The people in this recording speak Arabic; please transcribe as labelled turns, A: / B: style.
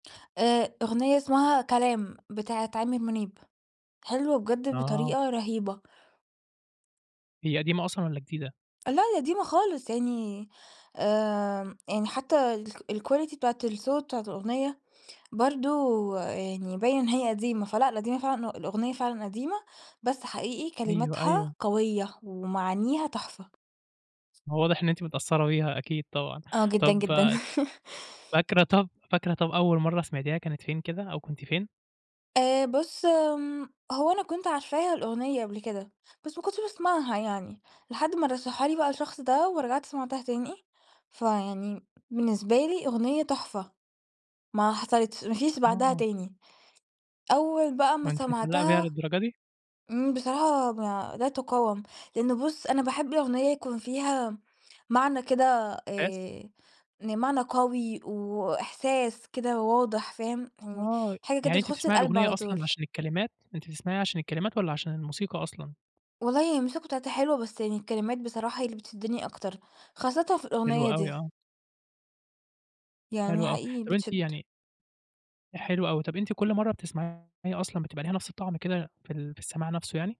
A: آآ، أغنية اسمها كلام بتاعة عامر منيب. حلوة بجد
B: آه.
A: بطريقة رهيبة.
B: هي قديمة أصلًا والّا جديدة؟
A: لا، دي قديمة خالص يعني آمم، يعني حتى الك الquality بتاعة الصوت بتاعة الأغنية برضو يعني باين إن هي قديمة. فلأ، قديمة فعلًا ه الأغنية فعلًا قديمة، بس حقيقي
B: أيوه،
A: كلماتها
B: أيوه.
A: قوية ومعانيها تُحفة.
B: هو واضح إن أنتِ متأثرة بيها، أكيد طبعًا.
A: آه، جدًا
B: طَب
A: جدًا.
B: فاكرة طَب فاكرة طَب، أول مرة سمعتيها كانت فين كده، أو كنتِ فين؟
A: آآ، بُصّ، امم، هو أنا كنت عارفاها الأغنية قبل كده، بس ما كنتش باسمعها يعني، لحد ما رشحها لي بقى الشخص ده ورجعت سمعتها تاني. فيعني بالنسبة لي أغنية تُحفة، ما حصلتش، ما فيش بعدها
B: آه.
A: تاني. أول بقى
B: هو
A: ما
B: أنتِ متعلقة بيها
A: سمعتها
B: للدرجة دي؟
A: امم، بصراحة لا تقاوم، لأنه بُصّ، أنا باحب الأغنية يكون فيها معنى كده
B: إحساس؟
A: آآ، معنى قوي وإحساس كده واضح فاهم، يعني
B: آه، ي
A: حاجة
B: يعني
A: كده
B: أنتِ
A: تخش
B: بتسمعي
A: القلب
B: الأغنية
A: على طول.
B: أصلًا عشان الكلمات؟ أنتِ بتسمعيها عشان الكلمات والّا عشان الموسيقى أصلًا؟
A: والله الموسيقى بتاعتها حلوة بس يعني الكلمات بصراحة هي اللي بتشدني أكتر، خاصةً في
B: حلو
A: الأغنية
B: أوي،
A: دي.
B: آه.
A: يعني
B: حلو أوي.
A: حقيقي
B: طَب، أنتِ
A: بتشد.
B: يعني حلو أوي، طَب، أنتِ كل مرة بتسمعيها أصلًا بتبقى ليها نفْس الطَعْم كده في ال في السماع نفسه يعني؟